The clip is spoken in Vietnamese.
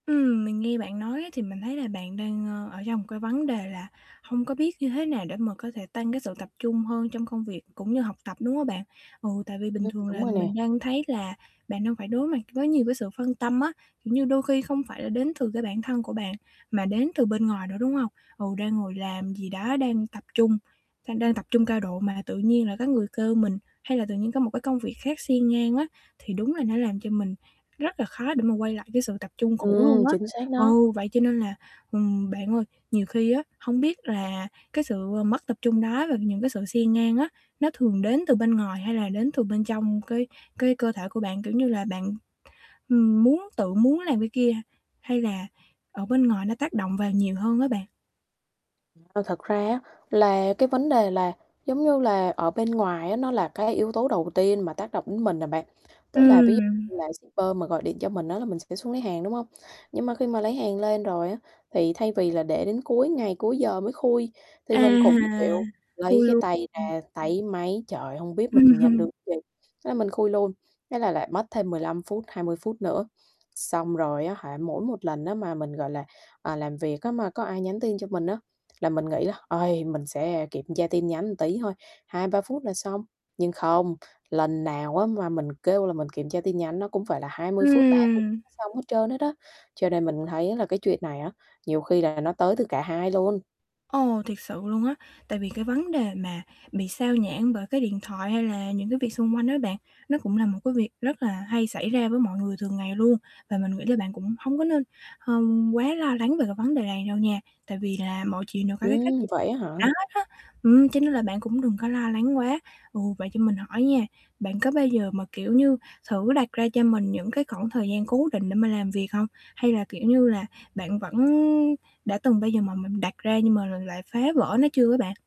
Ừm, mình nghe bạn nói á, thì mình thấy là bạn đang, ơ, ở trong một cái vấn đề là hông có biết như thế nào để mà có thể tăng cái sự tập trung hơn trong công việc cũng như học tập, đúng hông bạn? Ừ, tại vì bình Ừm, thường đúng là rồi nè. mình đang thấy là bạn đang phải đối mặt với nhiều cái sự phân tâm á, kiểu như, đôi khi không phải là đến từ cái bản thân của bạn, mà đến từ bên ngoài nữa, đúng hông? Ừ, đang ngồi làm gì đó, đang tập trung đang đang tập trung cao độ mà tự nhiên lại có người kêu mình, hay là tự nhiên có một cái công việc khác xen ngang á, thì đúng là nó làm cho mình rất là khó để mà quay lại cái sự tập trung cũ luôn Ừm, á. chính xác đó. Ừ, vậy cho nên là, ừm, bạn ơi, nhiều khi á, hông biết là cái sự mất tập trung đó và những cái sự xen ngang á, nó thường đến từ bên ngoài hay là đến từ bên trong cái cái cơ thể của bạn? Kiểu như là, bạn, ừm, muốn tự muốn làm cái kia, hay là ở bên ngoài nó tác động vào nhiều hơn á bạn? Ơ, thật ra á, là cái vấn đề là, giống như là, ở bên ngoài á, nó là cái yếu tố đầu tiên mà tác động đến mình à bạn. Tức là ví dụ Ừm. như là shipper mà gọi điện cho mình á, là mình sẽ xuống lấy hàng, đúng hông? Nhưng mà khi mà lấy hàng lên rồi á, thì thay vì là để đến cuối ngày, cuối giờ mới khui thì À, mình cũng, kiểu, lấy khui cái luôn, tay ừm. ra táy máy: "Trời ơi! Hông biết mình nhận được gì?" Thế là mình khui luôn, thế là lại mất thêm 15 phút, 20 phút nữa. Xong rồi á hả, mỗi một lần á, mà mình, gọi là, à, làm việc á, mà có ai nhắn tin cho mình á, là mình nghĩ là "Uầy! Mình sẽ kiểm tra tin nhắn một tí thôi, 2-3 phút là xong." Nhưng không, lần nào á, mà mình kêu là mình kiểm tra tin nhắn nó cũng phải là 20 phút, ba [unintelligible] Ừm. xong hết trơn hết á, cho nên mình thấy là cái chuyện này á, nhiều khi là nó tới từ cả hai luôn. Ồ, thiệt sự luôn á, tại vì cái vấn đề mà bị xao nhãng bởi cái điện thoại hay là những cái việc xung quanh á bạn, nó cũng là một cái việc rất là hay xảy ra với mọi người thường ngày luôn và mình nghĩ là bạn cũng hông có nên h quá lo lắng về cái vấn đề này đâu nha, tại vì là mọi chuyện đều có cái cách, Ừm, ừm, vậy á hả? [unintelligible] hết á. Ừm, cho nên là bạn cũng đừng có lo lắng quá. Ừ, vậy cho mình hỏi nha, bạn có bao giờ mà, kiểu như, thử đặt ra cho mình những cái khoảng thời gian cố định để mà làm việc hông? Hay là, kiểu như là, bạn vẫn đã từng bao giờ mà mình đặt ra nhưng mà l lại phá vỡ nó chưa á bạn?